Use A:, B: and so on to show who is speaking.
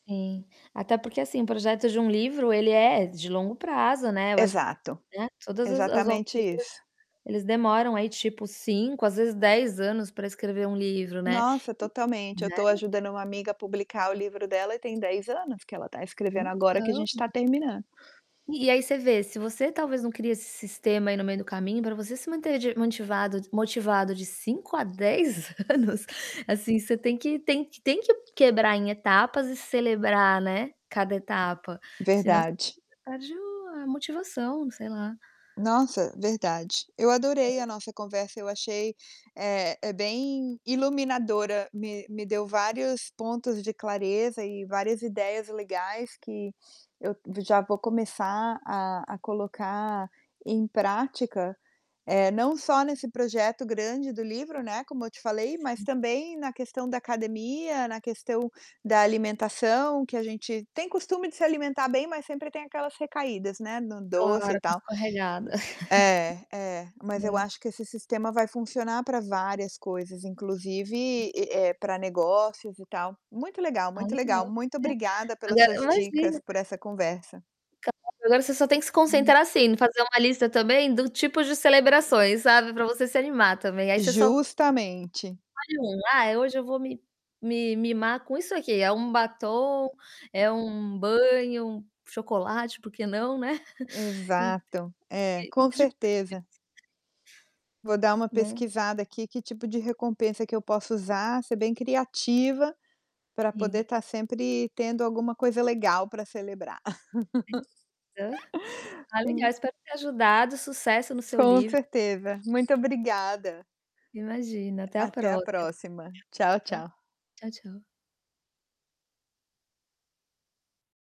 A: Sim. Até porque, assim, o projeto de um livro ele é de longo prazo, né. Eu acho que,
B: Exato,
A: né, todas as as autoras
B: exatamente
A: às vezes,
B: isso.
A: eles demoram aí, tipo, 5, às vezes, 10 anos pra escrever um livro, né.
B: Nossa,
A: E
B: totalmente. Eu
A: né.
B: tô ajudando uma amiga a publicar o livro dela e tem 10 anos que ela tá escrevendo, agora que a
A: Então
B: gente tá terminando.
A: E e aí você vê, se você talvez não cria esse sistema aí no meio do caminho pra você se manter de motivado motivado de 5 a 10 anos, assim, você tem que tem que tem que quebrar em etapas e celebrar, né, cada etapa, senão você
B: Verdade.
A: perde o a motivação, sei lá.
B: Nossa, verdade. Eu adorei
A: É.
B: a nossa conversa, eu achei eh, é bem iluminadora, me me deu vários pontos de clareza e várias ideias legais que eu já vou começar a a colocar em prática, eh, não só nesse projeto grande do livro, né, como eu te falei, mas
A: Sim.
B: também na questão da academia, na questão da alimentação, que a gente tem costume de se alimentar bem, mas sempre tem aquelas recaídas, né, no doce e
A: Claro, uma
B: tal.
A: escorregada.
B: É, é, mas eu
A: É.
B: acho que esse sistema vai funcionar pra várias coisas, inclusive e e, pra negócios e tal. Muito legal,
A: Ah,
B: muito legal.
A: legal.
B: Muito
A: É,
B: obrigada pelas
A: agora
B: suas dicas,
A: imagina.
B: por essa conversa.
A: Claro, agora você só tem que se
B: Hum.
A: concentrar, assim, em fazer uma lista também do tipos de celebrações, sabe, pra você se animar também. Aí você só
B: Justamente.
A: escolhe um: "Ah, hoje eu vou me me mimar com isso aqui", é um batom, é um banho, um chocolate, por que não, né? E
B: Exato. É,
A: e e
B: com
A: tipo, isso
B: certeza. Vou dar uma
A: Né.
B: pesquisada aqui que tipo de recompensa que eu posso usar, ser bem criativa pra poder
A: Sim.
B: tá sempre tendo alguma coisa legal pra celebrar.
A: Sim, aham. Ah, legal,
B: Hum.
A: espero ter ajudado. Sucesso no seu
B: Com
A: livro.
B: certeza, muito obrigada.
A: Imagina, até a
B: Até a
A: próxima.
B: próxima. Tchau,
A: [unintelligible]
B: tchau.
A: Tchau, tchau.